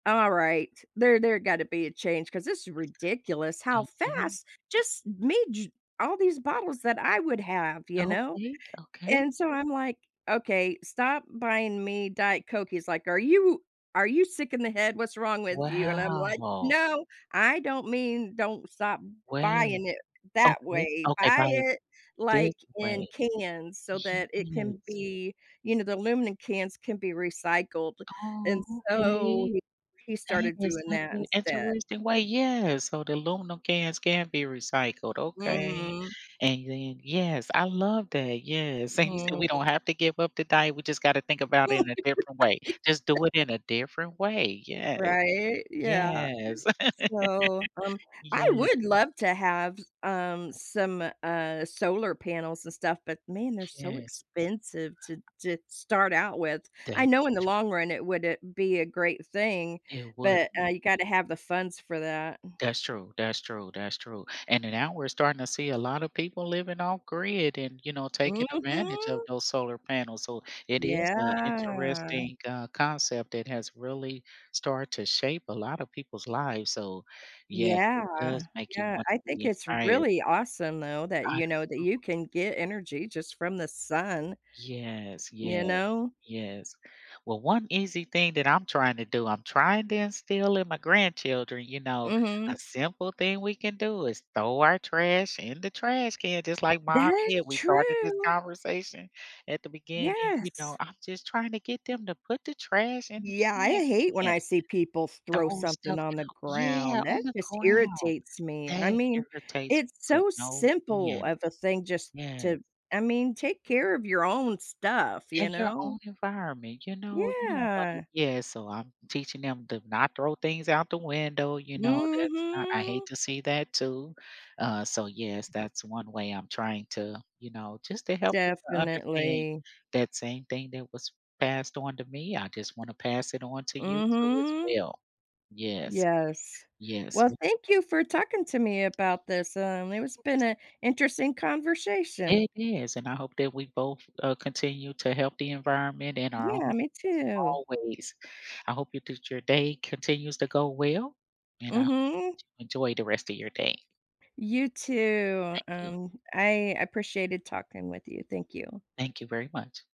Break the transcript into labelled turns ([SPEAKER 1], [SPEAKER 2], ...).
[SPEAKER 1] Alright, there there gotta be a change 'cause this is ridiculous how
[SPEAKER 2] Okay.
[SPEAKER 1] fast just made ju all these bottles that I would have, you know,
[SPEAKER 2] Okay, okay.
[SPEAKER 1] and so I'm like, "Okay, stop buying me Diet Coke," he's like, "Are you are you sick in the head? What's wrong with you?" And I'm like,
[SPEAKER 2] Wow.
[SPEAKER 1] "No, I don't mean don't stop
[SPEAKER 2] Well,
[SPEAKER 1] buying it that
[SPEAKER 2] okay,
[SPEAKER 1] way,
[SPEAKER 2] okay,
[SPEAKER 1] buy
[SPEAKER 2] by
[SPEAKER 1] it
[SPEAKER 2] this
[SPEAKER 1] like in
[SPEAKER 2] way
[SPEAKER 1] cans so that it can
[SPEAKER 2] yes.
[SPEAKER 1] be, you know, the aluminum cans can be recycled,"
[SPEAKER 2] Oh,
[SPEAKER 1] and so
[SPEAKER 2] okay.
[SPEAKER 1] he he
[SPEAKER 2] That
[SPEAKER 1] started
[SPEAKER 2] is
[SPEAKER 1] doing
[SPEAKER 2] such
[SPEAKER 1] that
[SPEAKER 2] a
[SPEAKER 1] instead.
[SPEAKER 2] interesting way. Yes, so the aluminum cans can be recycled. Okay,
[SPEAKER 1] Mm.
[SPEAKER 2] and then yes, I love that. Yes, and you said we
[SPEAKER 1] Mm.
[SPEAKER 2] don't have to give up the diet, we just gotta think about it
[SPEAKER 1] Yeah, this
[SPEAKER 2] in a
[SPEAKER 1] is
[SPEAKER 2] different way.
[SPEAKER 1] what he
[SPEAKER 2] Just do it
[SPEAKER 1] said.
[SPEAKER 2] in a different way. Yes,
[SPEAKER 1] Right, yeah.
[SPEAKER 2] yes.
[SPEAKER 1] So, um, I
[SPEAKER 2] Yeah.
[SPEAKER 1] would love to have, um, some, uh, solar panels and stuff, but man, they're so
[SPEAKER 2] Yes.
[SPEAKER 1] expensive to to start out with. I
[SPEAKER 2] That is
[SPEAKER 1] know in the
[SPEAKER 2] true.
[SPEAKER 1] long run it woulda be a great thing,
[SPEAKER 2] It would
[SPEAKER 1] but uh
[SPEAKER 2] be.
[SPEAKER 1] you gotta have the funds for that.
[SPEAKER 2] That's true, that's true, that's true. And then now we're starting to see a lot of people living off grid and, you know, taking advantage of
[SPEAKER 1] Mhm.
[SPEAKER 2] those solar panels, so it is a
[SPEAKER 1] Yeah.
[SPEAKER 2] interesting, uh, concept that has really start to shape a lot of people's lives, so yes, it
[SPEAKER 1] Yeah,
[SPEAKER 2] does make you
[SPEAKER 1] yeah,
[SPEAKER 2] wanna
[SPEAKER 1] I think
[SPEAKER 2] be
[SPEAKER 1] it's
[SPEAKER 2] inspired.
[SPEAKER 1] really awesome though that,
[SPEAKER 2] I
[SPEAKER 1] you
[SPEAKER 2] c
[SPEAKER 1] know, that you
[SPEAKER 2] [unintelligible]
[SPEAKER 1] can get energy just from the sun.
[SPEAKER 2] Yes,
[SPEAKER 1] You
[SPEAKER 2] yes,
[SPEAKER 1] know?
[SPEAKER 2] yes. Well, one easy thing that I'm trying to do, I'm trying to instill in my grandchildren, you know, a
[SPEAKER 1] Mhm.
[SPEAKER 2] simple thing we can do is throw our trash in the trash can just like mom did.
[SPEAKER 1] That's
[SPEAKER 2] We started this
[SPEAKER 1] true.
[SPEAKER 2] conversation at the beginning, you know,
[SPEAKER 1] Yes.
[SPEAKER 2] I'm just trying to get them to put the trash in the
[SPEAKER 1] Yeah, I
[SPEAKER 2] trash
[SPEAKER 1] hate when
[SPEAKER 2] can.
[SPEAKER 1] I see people
[SPEAKER 2] The
[SPEAKER 1] throw
[SPEAKER 2] whole
[SPEAKER 1] something
[SPEAKER 2] stuff
[SPEAKER 1] on the
[SPEAKER 2] out. Yeah,
[SPEAKER 1] ground. That
[SPEAKER 2] on the
[SPEAKER 1] just
[SPEAKER 2] ground.
[SPEAKER 1] irritates me. I
[SPEAKER 2] That
[SPEAKER 1] mean,
[SPEAKER 2] irritates
[SPEAKER 1] it's
[SPEAKER 2] to
[SPEAKER 1] so
[SPEAKER 2] no
[SPEAKER 1] simple
[SPEAKER 2] end.
[SPEAKER 1] of a thing just
[SPEAKER 2] Yeah.
[SPEAKER 1] to, I mean, take care of your own stuff, you
[SPEAKER 2] In your
[SPEAKER 1] know.
[SPEAKER 2] own environment, you know, you don't wanna
[SPEAKER 1] Yeah.
[SPEAKER 2] yeah, so I'm teaching them to not throw things out the window, you know, that's not I hate
[SPEAKER 1] Mhm.
[SPEAKER 2] to see that too. Uh, so yes, that's one way I'm trying to, you know, just to help them to understand
[SPEAKER 1] Definitely.
[SPEAKER 2] that same thing that was passed on to me, I just wanna pass it on to you too as
[SPEAKER 1] Mhm.
[SPEAKER 2] well, yes.
[SPEAKER 1] Yes.
[SPEAKER 2] Yes,
[SPEAKER 1] Well,
[SPEAKER 2] wi t
[SPEAKER 1] thank you for talking to me about this, um, it was been
[SPEAKER 2] Yes.
[SPEAKER 1] a interesting conversation.
[SPEAKER 2] It is, and I hope that we both, uh, continue to help the environment and our own
[SPEAKER 1] Yeah,
[SPEAKER 2] [unintelligible]
[SPEAKER 1] me too.
[SPEAKER 2] always. I hope your t your day continues to go well, and I
[SPEAKER 1] Mhm.
[SPEAKER 2] enjoy the rest of your day.
[SPEAKER 1] You too.
[SPEAKER 2] Thank you.
[SPEAKER 1] Um, I appreciated talking with you. Thank you.
[SPEAKER 2] Thank you very much.